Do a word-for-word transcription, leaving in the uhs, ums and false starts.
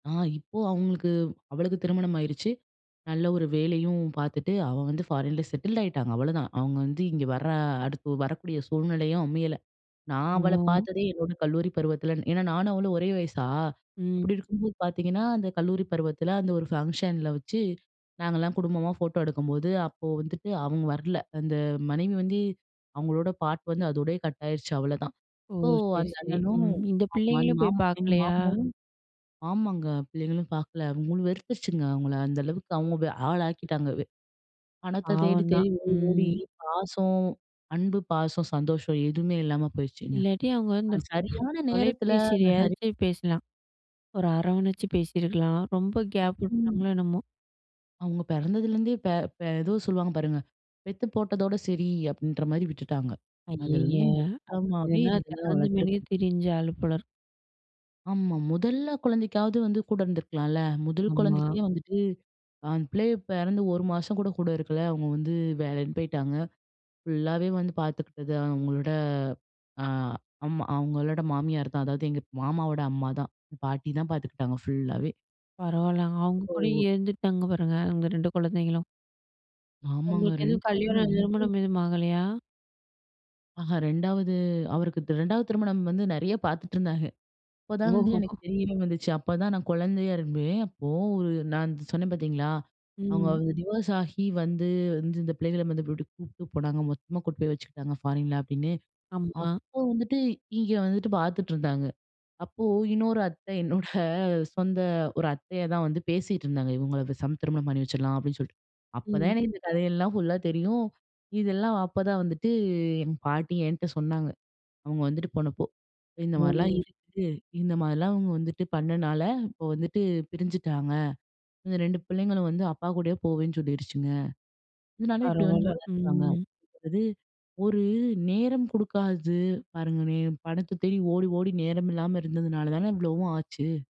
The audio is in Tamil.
ஆ, இப்போ அவங்களுக்கு அவளுக்கு திருமணம் ஆயிருச்சு. நல்ல ஒரு வேலையும் பார்த்துட்டு அவ வந்து ஃபாரின்ல செட்டில் ஆயிட்டாங்க, அவ்வளதான். அவங்க வந்து இங்கே வர்ற அடுத்து வரக்கூடிய சூழ்நிலையும் அமையல. நான் அவளை ஓ! பார்த்ததே என்னோட கல்லூரி பருவத்தில ஏன்னா நானும் அவளும் ஒரே வயசா. ம். அப்டி இருக்கும்போது பார்த்தீங்கன்னா, அந்த கல்லூரி பருவத்தில அந்த ஒரு ஃபங்க்ஷன்ல வச்சு நாங்கள்லாம் குடும்பமா ஃபோட்டோ எடுக்கும்போது, அப்போ வந்துட்டு அவங்க வரல. அந்த மனைவி வந்து, அவங்களோட பார்ட் வந்து அதோடையயே கட் ஆயிருச்சு அவ்வளதான். ஓ! ஸோ, சரி, அந்த சரி. அண்ணனும், ம். இந்த ஆமா. அந்த பிள்ளைங்களும் போய் மாமா எங்க பார்க்கலையா? மாமாவும் ஆமாங்க பிள்ளைங்களும் பார்க்கல. அவங்க மு வெறுத்துருச்சுங்க அவங்கள. அந்த அளவுக்கு அவங்க ஆளாக்கிட்டாங்க வே பணத்தை தேடி, பாவம் தான், தேடி, ஓடி, ஓடி, ம். பாசம் அன்பு, பாசம், சந்தோஷம் எதுவுமே இல்லாம போயிருச்சுங்க. இல்லாட்டி அவங்க வந்து, அது சரியான நேரத்தில, அந்த ஹரி தொலைபேசிலயாச்சும் பேசலாம். ஒரு அரவணைச்சி பேசியிருக்கலாம். ரொம்ப கேப் ம். விட்டாங்களோ என்னமோ? அவங்க பிறந்ததுலேருந்தே பே பே ஏதோ சொல்லுவாங்க பாருங்க, பெத்து போட்டதோட சரி! அப்படின்ற மாரி விட்டுட்டாங்க. ஐயயே! அதுலருந்து மொத்தமாவே அப்படினா இந்த [unintelligible] திறந்த மேனிக்கா வளர்த்துருக்கு. திரிஞ்ச ஆள் போல இருக்கு. ஆமா. மொதல்ல குழந்தைக்காவது வந்து கூட இருந்துருக்கலாள்ல, முதல் ஆமா. குழந்தைக்கே வந்துட்டு அந்த பிள்ளைக பிறந்து ஒரு மாசம் கூட, கூட இருக்கல. அவங்க வந்து வேலைன்னு பேயிட்டாங்க. ஃபுல்லாவே வந்து பார்த்துக்கிட்டது அவங்களோட அ அம்மா அவங்களோட மாமியார் தான். அதாவது எங்க மாமாவோட அம்மா தான். பாட்டி தான் பார்த்துக்கிட்டாங்க ஃபுல்லாவே. பரவாயில்லங்க. அவங்க கூடயே ஓ! இருந்துட்டாங்க பாருங்க. அந்த ரெண்டு குழந்தைங்களும். ஆமாங்க. உங்களுக்கு ரெண்டு எதுவும் பேருமே கல்யாணம், ரொம்போ திருமணம் எதுவும் ஆகலையா? ஆஹா. ரெண்டாவது, அவருக்கு தி ரெண்டாவது, திருமணம் வந்து நிறைய பார்த்துட்டு இருந்தாக. அப்போதான் வந்து எனக்கு ஓஹோஹோ! தெரியவே வந்துச்சு. அப்பதான் நான் குழந்தையா இரும்பேன். அப்போ ஒரு நான் சொன்னேன் பார்த்தீங்களா, அவங்க ம். வந்து டிவோர்ஸ் ஆகி வந்து வந்து இந்த பிள்ளைகளை வந்து வீட்டுக்கு கூப்பிட்டு போனாங்க, மொத்தமா கூட்டு போய் வச்சுக்கிட்டாங்க ஃபாரின்ல அப்டின்னு. ஆமா. அப்போ வந்துட்டு, இங்கே வந்துட்டு, பார்த்துட்டு இருந்தாங்க. அப்போ இன்னொரு அத்தை, என்னோட சொந்த ஒரு அத்தையா தான் வந்து பேசிகிட்டுருந்தாங்க. இவங்களை பேசாம திருமணம் பண்ணி வச்சிரலாம் அப்டின்னு சொல்லிட்டு. அப்ப தான் ம். எனக்கு இந்த கதையெல்லாம் ஃபுல்லா தெரியும். இதெல்லாம் அப்பதான் வந்துட்டு, என் பாட்டி என்ட்ட சொன்னாங்க, அவங்க வந்துட்டு போனப்போ. இந்த மாரிலாம் ஓ! இருக்கு. இந்த மாதிரிலாம் அவங்க வந்துட்டு பண்ணனால, இப்போ வந்துட்டு பிரிஞ்சிட்டாங்க. இந்த ரெண்டு பிள்ளைங்களும் வந்து அப்பா கூடயே போவேன்னு சொல்லிடுச்சுங்க. இதனால இப்படி வந்து பரவால்ல, வளர்க்கறாங்க. ம். அதாவது, ஒரு நேரம் குடுக்காதது, பாருங்களேன் பணத்த தேடி ஓடி, ஓடி நேரம் இல்லாம இருந்ததுனால தானே இவ்வளவும் ஆச்சு.